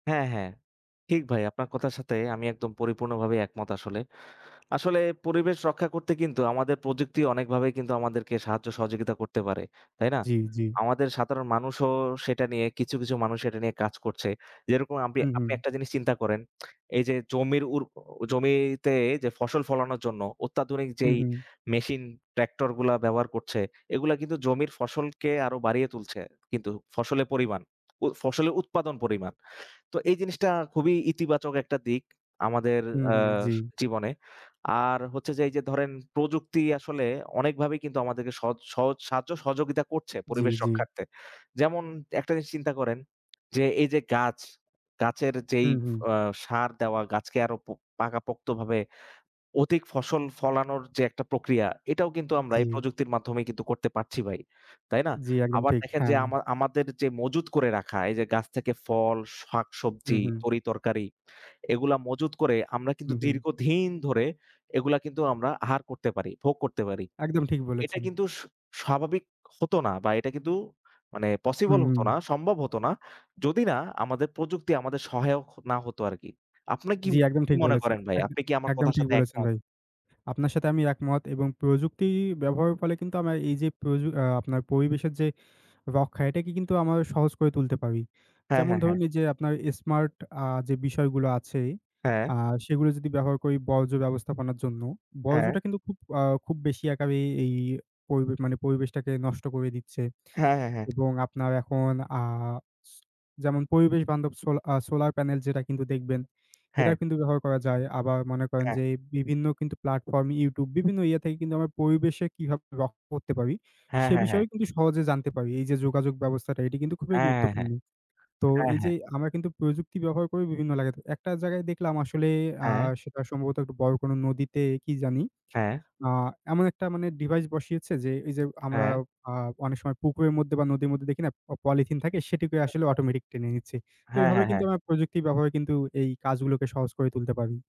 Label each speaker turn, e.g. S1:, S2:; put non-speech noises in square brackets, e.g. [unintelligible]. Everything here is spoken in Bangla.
S1: হ্যা, হ্যা। ঠিক ভাই। আপনার কথার সাথে আমি একদম পরিপূর্ণভাবেই একমত আসলে। আসলে পরিবেশ রক্ষা করতে কিন্তু আমাদের প্রযুক্তি অনেকভাবেই কিন্তু, আমাদেরকে সাহায্য, সহযোগিতা করতে পারে। তাই না?
S2: জি, জি।
S1: আমাদের সাধারণ মানুষও সেটা নিয়ে, কিছু, কিছু মানুষ এটা নিয়ে কাজ করছে, যেরকম আপনি।
S2: হুম,
S1: আপনি
S2: হুম।
S1: একটা জিনিস চিন্তা করেন, এই যে জমির উর জমিতে যে ফসল ফলানোর জন্য অত্যাধুনিক
S2: হুম,
S1: যেই
S2: হুম।
S1: মেশিন, ট্রাক্টরগুলা ব্যবহার করছে, এগুলা কিন্তু জমির ফসলকে আরো বাড়িয়ে তুলছে কিন্তু, ফসলের পরিমাণ। উ ফসলের উৎপাদন পরিমাণ। তো এই জিনিসটা খুবই ইতিবাচক একটা দিক, আমাদের
S2: হু,
S1: ‍আ
S2: হু, জি।
S1: জীবনে। আর হচ্ছে যে এই যে ধরেন, প্রযুক্তি আসলে অনেকভাবেই কিন্তু আমাদেরকে সহজ সহজ সাহায্য, সহযোগিতা করছে
S2: জি,
S1: পরিবেশ
S2: জি।
S1: রক্ষার্থে। যেমন একটা জিনিস চিন্তা করেন যে এই যে গাছ, গাছের যেই
S2: হুম, হুম।
S1: আ ষাঁড় দেওয়া গাছকে, আরো পো পাকাপোক্তভাবে অধিক ফসল ফলানোর যে একটা প্রক্রিয়া, এটাও কিন্তু আমরা এই
S2: জি।
S1: প্রযুক্তির মাধ্যমেই কিন্তু করতে পারছি ভাই। তাই না?
S2: জি একদম
S1: আবার
S2: ঠিক।
S1: দেখেন
S2: হ্যা।
S1: যে আমা আমার আমাদের যে মজুত করে রাখা এই যে গাছ থেকে ফল,
S2: হুম,
S1: শাকসবজি,
S2: হুম।
S1: তরিতরকারি এগুলা মজুত করে আমরা কিন্তু
S2: হু, হু।
S1: দীর্ঘদিন ধরে এগুলা কিন্তু আমরা আহার করতে পারি, ভোগ করতে পারি।
S2: একদম ঠিক
S1: এটা
S2: বলেছেন।
S1: কিন্তু স স্বাভাবিক হতো না বা এটা কিন্তু মানে পসিবল
S2: হুম,
S1: হতো
S2: হুম।
S1: না, সম্ভব হত না। যদি না আমাদের প্রযুক্তি, আমাদের সহায়ক না হতো আরকি। আপনি কি
S2: জি, একদম
S1: কি
S2: ঠিক
S1: মনে
S2: বলেছেন।
S1: করেন ভাই?
S2: একদম
S1: আপনি কি আমার
S2: একদম
S1: কথার
S2: ঠিক
S1: সাথে
S2: বলেছেন
S1: একমত?
S2: ভাই। আপনার সাথে আমি একমত এবং প্রযুক্তি ব্যবহারের ফলে কিন্তু আমরা এই যে, প্রজ আ আপনার পরিবেশের যে রক্ষা, এটাকে কিন্তু আমরা সহজ করে তুলতে পারি।
S1: হ্যা,
S2: যেমন
S1: হ্যা, হ্যা।
S2: ধরুন এই যে আপনার স্মার্ট, আ যে বিষয়গুলো আছে,
S1: হ্যা।
S2: আ সেগুলো যদি ব্যবহার করি বর্জ্য ব্যবস্থাপনার জন্য,
S1: হ্যা।
S2: বর্জ্যটা কিন্তু খুব আ খুব বেশি একাবে এই এই পরিবেশ মানে, পরিবেশটাকে নষ্ট করে দিচ্ছে।
S1: হ্যা, হ্যা, হ্যা।
S2: এবং আপনার এখন আ স যেমন পরিবেশ বান্ধব সো আ সোলার প্যানেল যেটা কিন্তু দেখবেন,
S1: হ্যা।
S2: এটাও কিন্তু ব্যবহার করা
S1: হ্যা।
S2: যায়। আবার মনে করেন
S1: হ্যা।
S2: যে বিভিন্ন কিন্তু প্লাটফর্ম, YouTube, বিভিন্ন ইয়ে থেকে কিন্তু আমরা পরিবেশে কিভাবে রক্ষা করতে পারি?
S1: হ্যা,
S2: সে
S1: হ্যা, হ্যা।
S2: বিষয়ে কিন্তু সহজে জানতে পারি। এই যে যোগাযোগ ব্যবস্থাটা, এটি কিন্তু খুবই
S1: হ্যা, হ্যা, হ্যা।
S2: গুরুত্বপূর্ণ। তো
S1: হ্যা,
S2: এই
S1: হ্যা।
S2: যে আমরা কিন্তু প্রযুক্তি ব্যবহার করি বিভিন্ন জায়গাতে। একটা জায়গায় দেখলাম আসলে আ
S1: হ্যা।
S2: সেটা সম্ভবত একটু বড় কোনো নদীতে কি জানি?
S1: হ্যা।
S2: আ এমন একটা মানে ডিভাইস বসিয়েছে, যে এই যে আমরা
S1: হ্যা।
S2: আ অনেক সময় পুকুরের মধ্যে বা নদীর মধ্যে দেখি না পলিথিন থাকে? সেটিকে আসলে
S1: [unintelligible]
S2: অটোমেটিক টেনে নিচ্ছি। তো
S1: হ্যা, হ্যা,
S2: এভাবে
S1: হ্যা।
S2: কিন্তু আমরা প্রযুক্তির ব্যবহারে কিন্তু, এই কাজগুলোকে সহজ করে তুলতে পারি।